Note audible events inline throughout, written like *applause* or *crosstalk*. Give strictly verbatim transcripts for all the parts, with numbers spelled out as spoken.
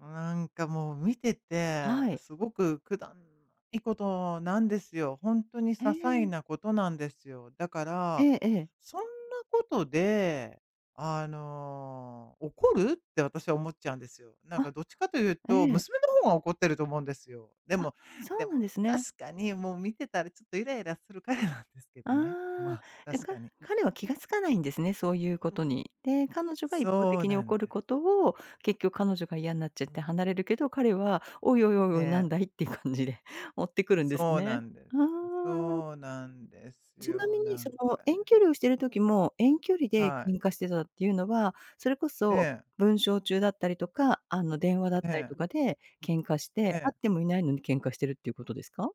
なんかもう見てて、はい。すごく、くだんないことなんですよ。ほんとに些ええ。細なことなんですよ。だかえら、え、ええ。「そんなことで、あの、怒る？」って私、思っちゃうんですよ。なんあ、かどっちかというえと、え。娘の方が怒ってると思うんですよ。であ、もそでうなんも、ですね。確かにもう見てたらちょっとイライラする彼なんですけどね、まああ、あ、で、確かかに。彼は気が付かないんですね、そういうことに。で、彼女が一方そう的になん怒るでことを、結局彼女が嫌になっちゃって離れるけど、彼は、「おいおいおいえおい、何え。だい？」って感じで追ってくるんですそうなね、んであす。あ。そうなんですちなよ、みに、なそんの、か遠ね。距離をしてる時も、遠距離ではい。喧嘩してたっていうのは、それこそええ。文章中だったりとか、あの、電話だっえ、えたりとえ。かで喧嘩しえて、会え。ってもいないのに喧嘩してるっていうことですか？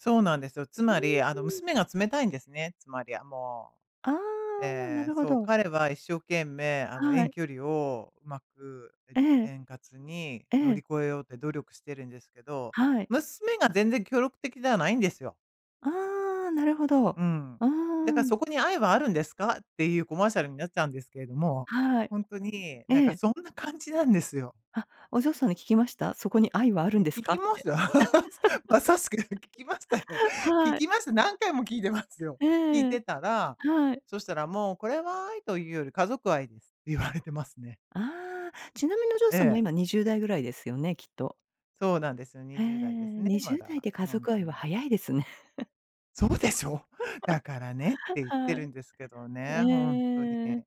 そうなんですよ。つうん、まり、あの、うん。娘が冷たいんですね、つまりはもう！ああ、わ、なええ、るほそう、ど。彼は一生懸命、あの、は遠い。距離をうまくえええ。円滑にえ乗りえ。越えようって努力してるんですけど、はい。娘が全然協力的じゃないんですよ。ああ、なるほど。うん。うだーか、ん。「そこに愛はあるんですか？」っていうコマーシャルになっちゃうんですけれども、はい。ほんとになんえかえ。そんな感じなんですよ。は、お嬢さんに聞きました？「そこに愛はあるん、んです聞か？」きっまして。た。*laughs* まさしく聞きましたよ。*laughs* 聞はい。きました、何回も聞いてますよ。え聞いてえ、たら、はい。そしたら、「もう、これは愛というより家族愛です」って言われてますね。ああ。ちなみにお嬢えさんも、え。今、にじゅうだいぐらいですよね、きっと。そうなんです、にへえ、じゅうだいですね、にじまゅうだいだ、で家ほん族と愛はに。早いですね。*laughs* そうでしょ？だからねっ *laughs* て言ってはるい。んですけどね、ほんとに。ええ、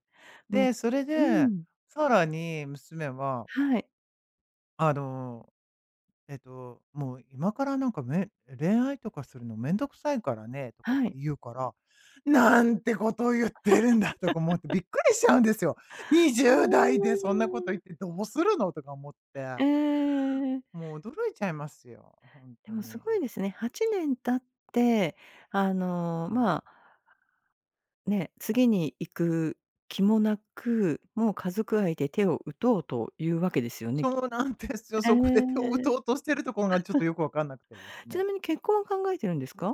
もで、それうで、ん。さらに娘ははい。あの、えっと、もう、「今からなんか、めん恋愛とかするのめんどくさいからね」とかってはい。言うから、なんてことをゆってるんだとか思ってびっ *laughs* くりしちゃうんですよ。にじゅあうだいでそんなことあ。言ってどうするの？とか思って。ええええええええ。もう驚いちゃいますよ、ほんでともすに。ごいですね。はちねん経って、あの、うん。まあね、次に行く気もなく、もう、家族愛で手を打とうとゆうわけですよね、きそうなんですよ、ええ。そこで手を打と *laughs* うとしてるとこが、ちょっとよくわかんなくてですちなね。みに結婚は考えてるんですか？